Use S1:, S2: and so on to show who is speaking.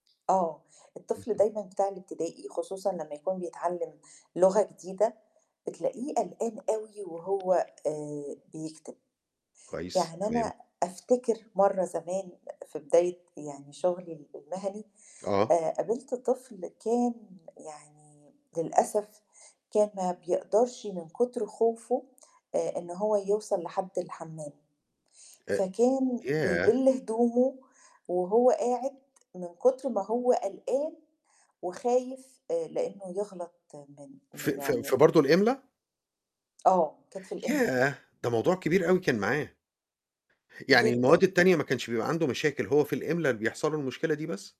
S1: آه، الطفل
S2: اهم.
S1: دايمًا بتاع الابتدائي خصوصًا لمّا يكون بيتعلّم لُغة جديدة، بتلاقيه قلقان أوي وهو آآ بيكتب.
S2: كويس،
S1: يعني
S2: تمام.
S1: أنا أفتكر مرّة زمان في بداية يعني شُغلي ال المهني
S2: آه.
S1: آآ قابِلت طفل كان يعني للأسف، كان ما بيقدرش من كُتر خوفُه آآ إن هو يوصَل لحدّ الحمّام،
S2: أ
S1: فكان
S2: ياه!
S1: بيبِل هدومُه وهو قاعِد، من كُتر ما هو قلقان وخايف، آآ لأنه يغلط من
S2: ف
S1: م
S2: ف في
S1: يعني
S2: برضو الإملا؟
S1: آه، كانت في الإملا.
S2: ياه! ده موضوع كبير أوي كان معاه. يعني المواد
S1: جدًا.
S2: التانية ما كانش بيبقى عنده مشاكل، هو في الإملا بيحصَل له المشكلة دي بس؟